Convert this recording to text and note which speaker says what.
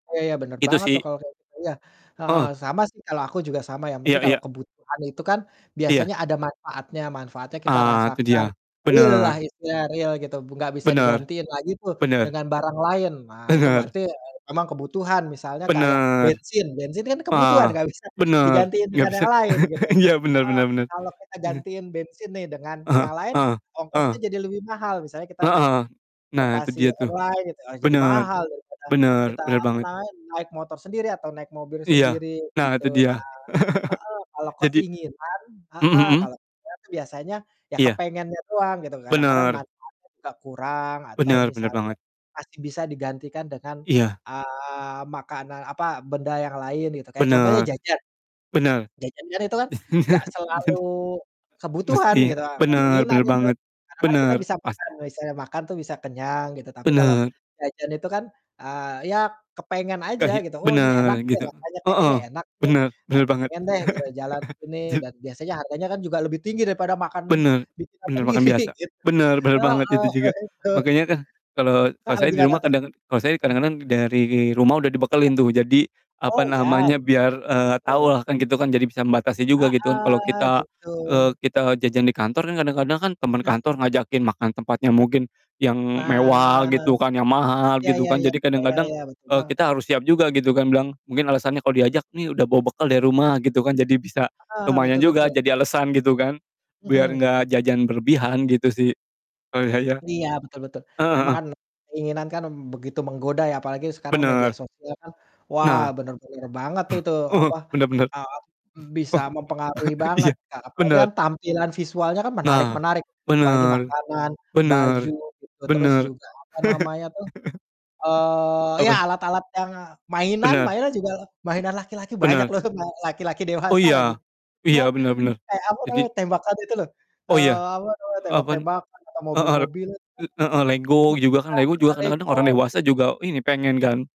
Speaker 1: Oh ya ya, bener
Speaker 2: Itu
Speaker 1: banget tuh
Speaker 2: sih.
Speaker 1: kalau kayak iya, heeh,
Speaker 2: Heeh.
Speaker 1: sama sih kalau aku juga sama yang
Speaker 2: Iya
Speaker 1: penting kalau
Speaker 2: iya.
Speaker 1: kebutuhan itu kan,
Speaker 2: Iya.
Speaker 1: biasanya ada manfaatnya, manfaatnya kita
Speaker 2: Ah itu
Speaker 1: rasakan.
Speaker 2: dia,
Speaker 1: Real lah
Speaker 2: bener.
Speaker 1: istilahnya, real gitu, gak bisa
Speaker 2: Bener,
Speaker 1: digantiin lah gitu
Speaker 2: bener.
Speaker 1: dengan barang lain. Nah itu
Speaker 2: Bener.
Speaker 1: berarti, eee, memang kebutuhan misalnya kayak
Speaker 2: Benar.
Speaker 1: bensin, bensin kan kebutuhan
Speaker 2: Ah,
Speaker 1: nggak bisa
Speaker 2: bener.
Speaker 1: digantiin
Speaker 2: Gak
Speaker 1: dengan
Speaker 2: bisa
Speaker 1: yang lain gitu.
Speaker 2: iya benar
Speaker 1: Heeh,
Speaker 2: benar benar.
Speaker 1: kalau kita
Speaker 2: Mhm.
Speaker 1: gantiin bensin nih dengan
Speaker 2: Heeh
Speaker 1: yang lain,
Speaker 2: heeh
Speaker 1: ongkosnya
Speaker 2: heeh.
Speaker 1: jadi lebih mahal, misalnya kita naik
Speaker 2: Heeh. Nah itu
Speaker 1: transportasi
Speaker 2: dia tuh,
Speaker 1: online gitu, eee, jadi
Speaker 2: benar,
Speaker 1: mahal daripada
Speaker 2: benar
Speaker 1: kita
Speaker 2: benar
Speaker 1: apa
Speaker 2: banget.
Speaker 1: namanya naik motor sendiri atau naik mobil
Speaker 2: Iya,
Speaker 1: sendiri
Speaker 2: nah
Speaker 1: gitu.
Speaker 2: itu
Speaker 1: Nah
Speaker 2: dia.
Speaker 1: heeh, kalau
Speaker 2: Jadi
Speaker 1: keinginan
Speaker 2: mmm,
Speaker 1: heeh,
Speaker 2: mhm.
Speaker 1: kalo keinginan tuh biasanya ya
Speaker 2: Iya.
Speaker 1: kepengennya doang gitu, kadang-kadang
Speaker 2: Bener.
Speaker 1: manfaatnya gak kurang atau
Speaker 2: Bener bener
Speaker 1: misalnya
Speaker 2: banget.
Speaker 1: masih bisa digantikan dengan,
Speaker 2: Iya.
Speaker 1: eee, makanan apa, benda yang lain gitu, kayak contohnya
Speaker 2: Benar.
Speaker 1: jajan.
Speaker 2: Benar.
Speaker 1: Jajan kan itu kan gak selalu
Speaker 2: Jadi
Speaker 1: kebutuhan
Speaker 2: mestinya
Speaker 1: gitu, eee,
Speaker 2: benar
Speaker 1: keinginan
Speaker 2: benar
Speaker 1: itu.
Speaker 2: banget.
Speaker 1: Karena kan kita
Speaker 2: Bener,
Speaker 1: bisa makan,
Speaker 2: pasti.
Speaker 1: misalnya makan tuh bisa kenyang gitu, tapi kalau
Speaker 2: Benar.
Speaker 1: jajan itu kan, eee, ya kepengen
Speaker 2: Kah
Speaker 1: aja
Speaker 2: ya.
Speaker 1: gitu. Oh ini enak
Speaker 2: Bener
Speaker 1: nih
Speaker 2: gitu.
Speaker 1: rasanya kayaknya
Speaker 2: Heeh,
Speaker 1: enak nih,
Speaker 2: bener
Speaker 1: eee,
Speaker 2: bener banget.
Speaker 1: pengen deh gitu, jalan ke sini
Speaker 2: Je
Speaker 1: dan biasanya harganya juga lebih tinggi daripada makan
Speaker 2: Bener,
Speaker 1: bikinan
Speaker 2: bener bahkan
Speaker 1: sendiri
Speaker 2: biasa.
Speaker 1: gitu.
Speaker 2: Bener bener banget
Speaker 1: Heeh
Speaker 2: itu juga.
Speaker 1: begitu.
Speaker 2: Makanya kan kalo kalo
Speaker 1: Heeh,
Speaker 2: saya di
Speaker 1: gimana
Speaker 2: rumah
Speaker 1: tuh?
Speaker 2: kadang kalo saya
Speaker 1: Mmm.
Speaker 2: kadang-kadang dari rumah udah
Speaker 1: Iya.
Speaker 2: dibekelin tuh, jadi
Speaker 1: Oh
Speaker 2: apa
Speaker 1: iya.
Speaker 2: namanya, biar, eee, tau
Speaker 1: Betul.
Speaker 2: lah kan gitu kan, jadi bisa membatasi juga gitu kalo
Speaker 1: Heeh,
Speaker 2: kita,
Speaker 1: gitu.
Speaker 2: eee, kita jajan di kantor kan kadang-kadang kan temen
Speaker 1: Nah.
Speaker 2: kantor ngajakin makan tempatnya mungkin yang mewah
Speaker 1: Nah.
Speaker 2: gitu kan, yang mahal
Speaker 1: Ya
Speaker 2: gitu
Speaker 1: ya
Speaker 2: kan,
Speaker 1: ya,
Speaker 2: jadi
Speaker 1: ya ya
Speaker 2: kadang-kadang,
Speaker 1: ya, betul
Speaker 2: eee,
Speaker 1: banget
Speaker 2: kita harus siap juga gitu kan, bilang mungkin alasannya kalo diajak, "Nih udah bawa bekal dari rumah," gitu kan, jadi bisa
Speaker 1: Heeh,
Speaker 2: lumayan
Speaker 1: betul
Speaker 2: juga,
Speaker 1: betul.
Speaker 2: jadi alasan gitu kan, biar
Speaker 1: Mhm.
Speaker 2: gak jajan berlebihan gitu sih. Kalo saya.
Speaker 1: Iya, betul betul.
Speaker 2: Heeh
Speaker 1: Memang
Speaker 2: heeh.
Speaker 1: kan, keinginan kan begitu menggoda ya, apalagi sekarang media
Speaker 2: Bener.
Speaker 1: sosial, wah
Speaker 2: Nah.
Speaker 1: benar-benar banget itu,
Speaker 2: Ah hah.
Speaker 1: apa,
Speaker 2: Bener bener.
Speaker 1: eee, bisa mempengaruhi
Speaker 2: Iya.
Speaker 1: banget Kak, apalagi
Speaker 2: Bener.
Speaker 1: kan tampilan visualnya kan
Speaker 2: Nah,
Speaker 1: menarik-menarik, apalagi
Speaker 2: benar.
Speaker 1: makanan,
Speaker 2: Benar.
Speaker 1: baju gitu terus
Speaker 2: Benar.
Speaker 1: juga apa namanya tuh, eee, ya
Speaker 2: Apa?
Speaker 1: alat-alat yang mainan
Speaker 2: Bener.
Speaker 1: mainan juga mainan laki-laki banyak
Speaker 2: Bener.
Speaker 1: loh mainan laki-laki
Speaker 2: Oh
Speaker 1: dewasa lagi.
Speaker 2: iya,
Speaker 1: Iya
Speaker 2: iya
Speaker 1: kan,
Speaker 2: bener bener
Speaker 1: kayak apa
Speaker 2: jadi
Speaker 1: namanya, tembakan itu loh,
Speaker 2: Oh iya.
Speaker 1: eee, apa namanya,
Speaker 2: Apan
Speaker 1: tembak-tembakan, atau
Speaker 2: heeh, re
Speaker 1: mobil-mobil. Kan kita
Speaker 2: e heeh, LEGO juga kan, LEGO juga
Speaker 1: ada
Speaker 2: kadang-kadang orang
Speaker 1: LEGO.
Speaker 2: dewasa juga ini pengen kan.